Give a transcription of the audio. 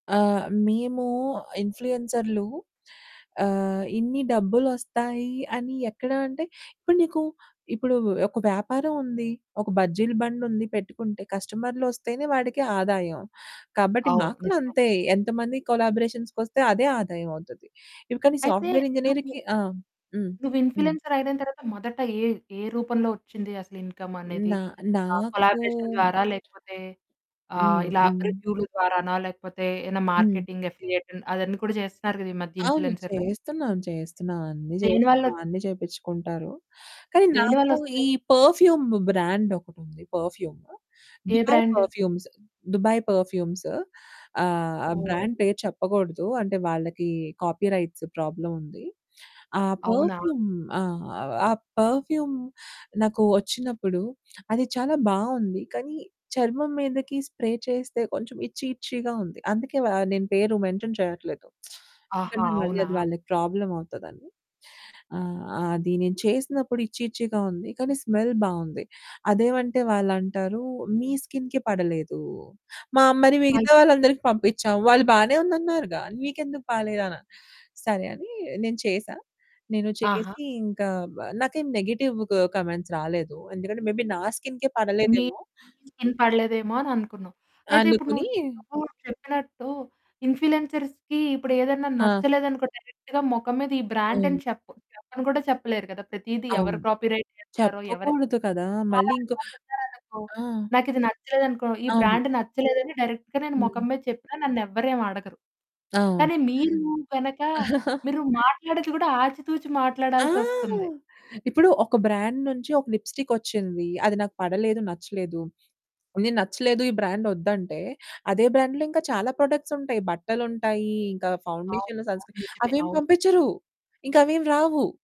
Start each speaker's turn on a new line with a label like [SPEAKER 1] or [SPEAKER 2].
[SPEAKER 1] ఆహ్, మేము ఇన్‌ఫ్లుయెన్సర్లు ఆహ్, ఇన్ని డబ్బులోస్తాయి అని ఎక్కడ అంటే ఇప్పుడు నీకు ఇప్పుడు ఒక వ్యాపారం ఉంది, ఒక బజ్జీల బండుంది పెట్టుకుంటే, కస్టమర్లు ఓస్తేనే వాడికి ఆదాయం. కాబట్టి
[SPEAKER 2] అవును,
[SPEAKER 1] మాకు కూడా
[SPEAKER 2] నిజమే.
[SPEAKER 1] అంతే. ఎంతమంది కొలాబరేషన్స్‌కొస్తే అదే ఆదాయమోవుతుంది. ఇంక నీ
[SPEAKER 2] అయితే
[SPEAKER 1] సాఫ్ట్వేర్
[SPEAKER 2] నువ్వు
[SPEAKER 1] ఇంజినీర్‌కి ఆ! హ్మ్.
[SPEAKER 2] నువ్వు
[SPEAKER 1] హ్మ్.
[SPEAKER 2] ఇన్‌ఫ్లుయెన్సర్ అయిన తర్వాత మొదట ఏ ఏ రూపంలో వచ్చింది అసలు ఇన్కమ్ అనేది.
[SPEAKER 1] నా
[SPEAKER 2] ఆ
[SPEAKER 1] నాకూ
[SPEAKER 2] కొలాబరేషన్ ద్వారా, లేకపోతే ఆహ్,
[SPEAKER 1] హ్మ్.
[SPEAKER 2] ఇలా
[SPEAKER 1] హ్మ్.
[SPEAKER 2] రివ్యూలు ద్వారానా, లేకపోతే ఏదైనా
[SPEAKER 1] హ్మ్.
[SPEAKER 2] మార్కెటింగ్, అఫిలియేట్ అవన్నీ కూడా చేస్తున్నారు కదా! ఈ మధ్య
[SPEAKER 1] అవును.
[SPEAKER 2] ఇన్‌ఫ్లుయెన్సర్లు.
[SPEAKER 1] చేస్తున్నాను, చేస్తున్నాను, అన్నీ
[SPEAKER 2] దేనివల్ల
[SPEAKER 1] చేస్తున్నాను, అన్నీ చేపించుకుంటారు. కానీ
[SPEAKER 2] దేనివల్ల
[SPEAKER 1] నాకు ఈ
[SPEAKER 2] వస్తాయి?
[SPEAKER 1] పెర్ఫ్యూమ్ బ్రాండ్ ఒకటుంది. పెర్ఫ్యూము
[SPEAKER 2] ఏ
[SPEAKER 1] Dubai
[SPEAKER 2] brand?
[SPEAKER 1] Perfumes, Dubai perfumes ఆహ్, ఆ
[SPEAKER 2] ఓహ్!
[SPEAKER 1] బ్రాండ్ పేరు చెప్పకూడదు. అంటే వాళ్ళకి కాపీరైట్స్ ప్రాబ్లమ్ ఉంది. ఆ
[SPEAKER 2] అవునా?
[SPEAKER 1] పెర్ఫ్యూమ్ ఆ! ఆ పెర్ఫ్యూమ్ నాకు వచ్చినప్పుడు అది చాలా బావుంది. కానీ చర్మం మీదకి స్ప్రే చేస్తే కొంచెం ఇట్చీ ఇట్చీగా ఉంది. అందుకే వా నేను పేరు మెన్షన్ చేయట్లేదు.
[SPEAKER 2] ఆహా!
[SPEAKER 1] ఎందుకంటే మళ్ళీ
[SPEAKER 2] అవునా?
[SPEAKER 1] అది వాళ్ళకి ప్రాబ్లమ్ అవుతదని. ఆ! అది నేను చేసినప్పుడు ఇట్చీ ఇట్చీగా ఉంది. కానీ స్మెల్ బావుంది. అదేమంటే వాళ్ళు అంటారు, "మీ స్కిన్‌కి పడలేదు. మా మరి మిగతా
[SPEAKER 2] అయితే
[SPEAKER 1] వాళ్ళందరికి పంపించాము. వాళ్ళు బానే ఉంది అన్నారుగా. నీకు ఎందుకు పలేదనా?" సరే అని నేను చేశా. నేను
[SPEAKER 2] ఆహా!
[SPEAKER 1] చేసి ఇంక వా నాకేం నెగెటివ్ కామెంట్స్ రాలేదు. ఎందుకంటే మే బీ నా స్కిన్‌కే
[SPEAKER 2] మీ
[SPEAKER 1] పడలేదేమో!
[SPEAKER 2] మీ స్కిన్‌కి పడలేదేమో అననుకున్నావు. అయితే ఇప్పుడు
[SPEAKER 1] అందుకుని
[SPEAKER 2] నువ్ నువ్వు చెప్పినట్టు ఇన్‌ఫ్లుయెన్సర్స్‌కి ఇప్పుడు ఏదైనా
[SPEAKER 1] ఆ!
[SPEAKER 2] నచ్చలేదనుకో, డైరెక్ట్‌గా మొఖం మీద ఈ బ్రాండ్ అని
[SPEAKER 1] అవును.
[SPEAKER 2] చెప్పు చెప్పను కూడా చెప్పలేరు కదా! ప్రతిదీ ఎవరు
[SPEAKER 1] అవును.
[SPEAKER 2] కాపీరైట్ చేస్తారో ఎవరికీ
[SPEAKER 1] చెప్పకూడదు కదా! మళ్ళీ ఇంకో
[SPEAKER 2] అలంటోళ్ళు ఓచ్చారనుకో
[SPEAKER 1] ఆ!
[SPEAKER 2] నాకిది నచ్చలేదనుకో, ఈ
[SPEAKER 1] అవును.
[SPEAKER 2] బ్రాండ్ నచ్చలేదని డైరెక్ట్‌గా నేను
[SPEAKER 1] హ్మ్.
[SPEAKER 2] మొఖం మీద చెప్పినా నన్ను ఎవరు ఏమి అడగరు.
[SPEAKER 1] అవును.
[SPEAKER 2] కానీ మీరు గనక, మీరు మాట్లాడేది కూడా ఆచితూచి
[SPEAKER 1] ఆ!
[SPEAKER 2] మాట్లాడాల్సొస్తుంది.
[SPEAKER 1] ఇప్పుడు ఒక బ్రాండ్ నుంచి ఒక లిప్స్టిక్ ఓచ్చింది. అది నాకు పడలేదు, నచ్చలేదు. నేను "నచ్చలేదు, ఈ బ్రాండ్ ఓద్దంటే", అదే బ్రాండ్‌లో ఇంకా చాలా ప్రొడక్ట్స్ ఉంటాయి. బట్టలుంటాయి, ఇంక
[SPEAKER 2] అవును.
[SPEAKER 1] ఫౌండేషన్లు, సన్ స్క్రీన్
[SPEAKER 2] నిజమే.
[SPEAKER 1] అవేమీ
[SPEAKER 2] అవును.
[SPEAKER 1] పంపించరు. ఇంక అవేమీ రావు.